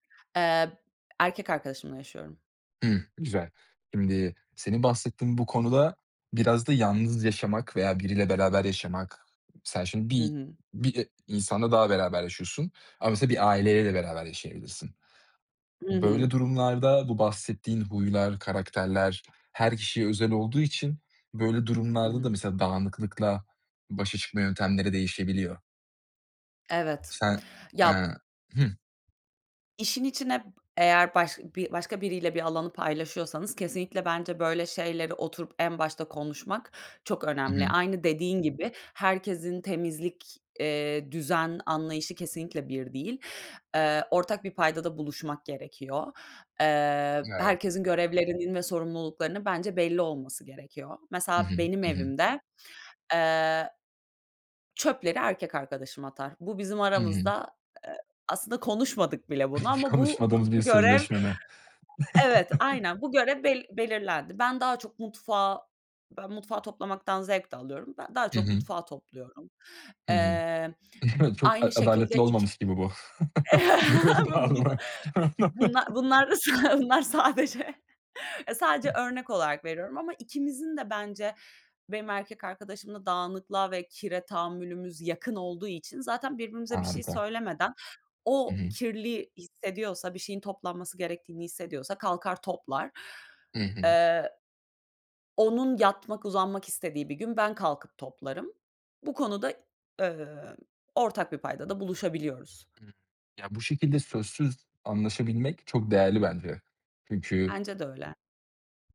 Eee, b erkek arkadaşımla yaşıyorum. Hımm. Güzel. Şimdi senin bahsettiğin bu konuda biraz da yalnız yaşamak veya biriyle beraber yaşamak Sen şimdi Hı bir hı. bir, eee, insanla daha beraber yaşıyorsun ama mesela bir aileyle de beraber yaşayabilirsin. I Böyle hı. durumlarda bu bahsettiğin huylar, karakterler her kişiye özel olduğu için böyle Hı durumlarda da, hı. mesela, dağınıklıkla başa çıkma yöntemleri değişebiliyor. Evet. Sen, Ya eee İ Hıh. İşin içine b eğer başka bi başka biriyle bir alanı paylaşıyorsanız kesinlikle bence böyle şeyleri oturup en başta konuşmak çok Hı önemli. hı. Aynı dediğin gibi herkesin temizlik, iii, düzen, anlayışı kesinlikle bir değil. Eee, ortak bir paydada buluşmak gerekiyor. Eee, Evet. herkesin görevlerinin ve sorumluluklarının bence belli olması gerekiyor. Hı Mesela hı, benim hı hı. evimde, eee, çöpleri erkek arkadaşım atar. Bu bizim Hı hı. aramızda, aaa, aslında konuşmadık bile bunu ama bu, a Konuşmadığınız bir görev sözleşme mi? Evet, aynen bu görev bel belirlendi. Ben daha çok mutfağı ben mutfağı toplamaktan zevk de alıyorum. Ben daha Hı çok hı. mutfağı topluyorum. Hı hı. Eee, Evet, çok a aynı şekilde adaletli iki olmamış gibi bu görev bu da dağılımı bunla bunlar s bunlar sadece E, sadece örnek olarak veriyorum ama ikimizin de bence, benim erkek arkadaşımla dağınıklığa ve kire tahammülümüz yakın olduğu için zaten birbirimize bir şey Harika. söylemeden Hı o hı. kirli hissediyorsa, bir şeyin toplanması gerektiğini hissediyorsa kalkar toplar. Hı hı. Eee, onun yatmak, uzanmak istediği bir gün ben kalkıp toplarım. Bu konuda, eee, ortak bir paydada buluşabiliyoruz. Iıı, ya, bu şekilde sözsüz anlaşabilmek çok değerli bence. Çünkü Bence de öyle.